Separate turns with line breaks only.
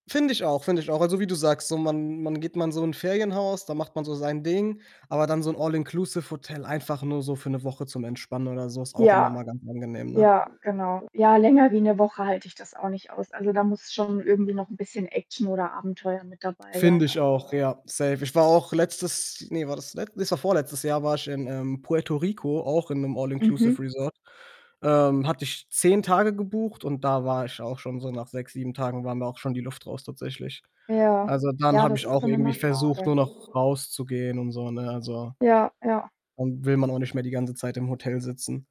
Finde ich auch, finde ich auch. Also, wie du sagst, so man man geht mal in so 'n Ferienhaus, da macht man so sein Ding, aber dann so 'n All-inclusive-Hotel einfach nur so für 'ne Woche zum Entspannen oder so, ist auch immer
Ja.
mal ganz angenehm, ne?
Ja, genau. Ja, länger wie 'ne Woche halte ich das auch nicht aus. Also, da muss schon irgendwie noch 'n bisschen Action oder Abenteuer mit dabei
Finde
sein,
ich
also
auch, ja, safe. Ich war auch letztes ne, war das le ne, es war vorletztes Jahr, war ich in, ähm, Puerto Rico, auch in 'nem
Mhm.
All-inclusive-Resort. Ähm, hatte ich 10 Tage gebucht und da war ich auch schon so nach 6, 7 Tagen war mir auch schon die Luft raus tatsächlich.
Ja.
Also, dann
Ja,
habe
das
ich
ist
auch
dann immer
irgendwie versucht,
schade.
nur noch rauszugehen und so, ne? Also
Ja, ja.
und will man auch nicht mehr die ganze Zeit im Hotel sitzen.